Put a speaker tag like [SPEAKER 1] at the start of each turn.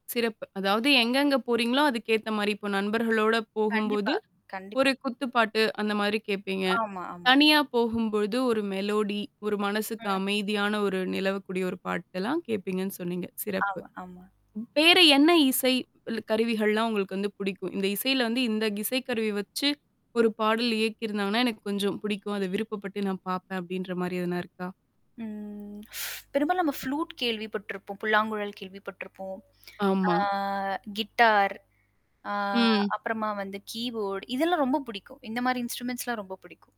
[SPEAKER 1] சிறப்பு. அதாவது
[SPEAKER 2] [unintelligible]
[SPEAKER 1] எங்கெங்க போறீங்களோ, அதுக்கேத்த மாரி. இப்போ நண்பர்களோட
[SPEAKER 2] கண்டிப்பா,
[SPEAKER 1] போகும்போது,
[SPEAKER 2] கண்டிப்பா.
[SPEAKER 1] ஒரு குத்துப்பாட்டு அந்த மாரி கேப்பீங்க.
[SPEAKER 2] ஆமா, ஆமா.
[SPEAKER 1] தனியா போகும்பொழுது ஒரு மெலோடி, ஒரு மனசுக்கு
[SPEAKER 2] ம்.
[SPEAKER 1] அமைதியான ஒரு நிலவக்கூடிய ஒரு பாட்டெல்லாம் கேட்பீங்கன்னு சொன்னீங்க. சிறப்பு.
[SPEAKER 2] ஆமா, ஆமா.
[SPEAKER 1] வேற என்ன இசை ள்ளு கருவிகள்லாம் உங்களுக்கு வந்து பிடிக்கும். இந்த இசைல வந்து இந்த இசை கருவி வச்சு 1 பாடல் இயக்கிருந்தாங்கன்னா, எனக்கு கொஞ்சம் பிடிக்கும். அதை விருப்பப்பட்டு நான் பாப்பேன் அப்டின்ற மாரி எதனா இருக்கா?
[SPEAKER 2] ம். பெரும்பாலும் நம்ம ஃப்ளூட் கேள்விப்பட்டிருப்போம். புல்லாங்குழல் கேள்விப்பட்டுருப்போம். ஆ
[SPEAKER 1] ஆமா.
[SPEAKER 2] கிட்டார். ஆ
[SPEAKER 1] ம்.
[SPEAKER 2] அப்புறமா வந்து கீபோர்டு இதெல்லாம் ரொம்ப பிடிக்கும். இந்த மாரி இன்ஸ்ட்ருமெண்ட்ஸ்லாம் ரொம்ப படிக்கும்.